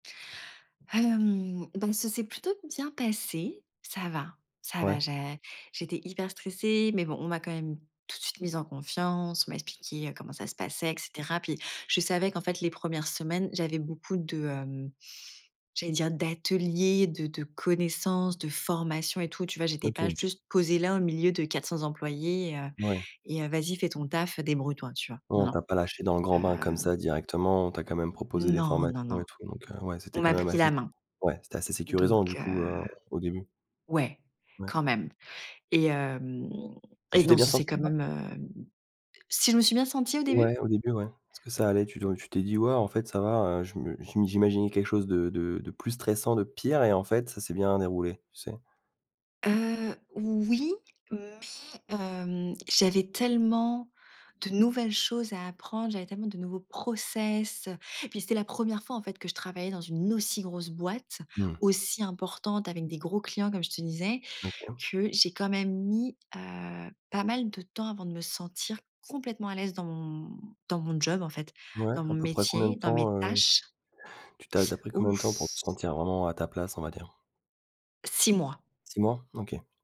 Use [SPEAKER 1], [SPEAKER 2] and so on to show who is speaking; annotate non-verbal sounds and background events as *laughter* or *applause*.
[SPEAKER 1] Hem, donc ça s'est plutôt bien passé. Ça va ça va,
[SPEAKER 2] Ouais.
[SPEAKER 1] j'ai j'étais hyper stressée, mais bon, on m'a quand même tout de suite mise en confiance. On m'a expliqué, heu, comment ça se passait, et cetera. Puis, je savais qu'en fait, les premières semaines, j'avais beaucoup de, hem, j'allais dire d'ateliers, de de connaissances, de formations et tout, tu vois? J'étais pas
[SPEAKER 2] OK.
[SPEAKER 1] juste posée là, au milieu de 400 employés et heu
[SPEAKER 2] Ouais.
[SPEAKER 1] et heu: «Vas-y, fait ton taf, heu, débrouille toi», tu vois?
[SPEAKER 2] Ouais,
[SPEAKER 1] Non,
[SPEAKER 2] on
[SPEAKER 1] non,
[SPEAKER 2] t'a pas lâchée dans le grand bain comme
[SPEAKER 1] heu
[SPEAKER 2] ça directement. On t'a quand même proposé des
[SPEAKER 1] Non non
[SPEAKER 2] formations
[SPEAKER 1] non.
[SPEAKER 2] et tout, donc heu, ouais,
[SPEAKER 1] On
[SPEAKER 2] c'était quand
[SPEAKER 1] m'a
[SPEAKER 2] même
[SPEAKER 1] pris
[SPEAKER 2] assez
[SPEAKER 1] la
[SPEAKER 2] s
[SPEAKER 1] main.
[SPEAKER 2] ouais, c'était assez
[SPEAKER 1] Donc
[SPEAKER 2] sécurisant, du
[SPEAKER 1] heu
[SPEAKER 2] coup, heu, au début?
[SPEAKER 1] ouais,
[SPEAKER 2] Ouais.
[SPEAKER 1] quand même et hem,
[SPEAKER 2] Et
[SPEAKER 1] et
[SPEAKER 2] tu t'es
[SPEAKER 1] non,
[SPEAKER 2] bien
[SPEAKER 1] ça s'est
[SPEAKER 2] sentie
[SPEAKER 1] quand
[SPEAKER 2] là?
[SPEAKER 1] même, hem Si je me suis bien sentie au début? *inhales*
[SPEAKER 2] Ouais, au début, ouais. Est-ce que ça allait? Tu do tu t'es dit: «Ouais, en fait, ça va. Heu, je me je m'i j'imaginais quelque chose de de de plus stressant, de pire" et en fait, ça s'est bien déroulé, tu sais?
[SPEAKER 1] Heu, oui, mais hem, j'avais tellement de nouvelles choses à apprendre, j'avais tellement de nouveaux process, heu, puis c'était la 1ere fois, en fait, que je travaillais dans une aussi grosse boîte,
[SPEAKER 2] Mmh.
[SPEAKER 1] aussi importante, avec des gros clients, comme je te disais,
[SPEAKER 2] OK.
[SPEAKER 1] que j'ai quand même mis, heu, pas mal de temps avant de me sentir complètement à l'aise dans mon dans mon job, en fait,
[SPEAKER 2] Ouais,
[SPEAKER 1] dans mon
[SPEAKER 2] à peu près combien
[SPEAKER 1] métier,
[SPEAKER 2] de
[SPEAKER 1] dans mes
[SPEAKER 2] temps, heu?
[SPEAKER 1] tâches.
[SPEAKER 2] Tu t'es ad tu as pris
[SPEAKER 1] *sucks teeth*
[SPEAKER 2] combien de temps pour te
[SPEAKER 1] Ouf.
[SPEAKER 2] sentir vraiment à ta place, on va dire?
[SPEAKER 1] 6 mois.
[SPEAKER 2] 6 mois? OK.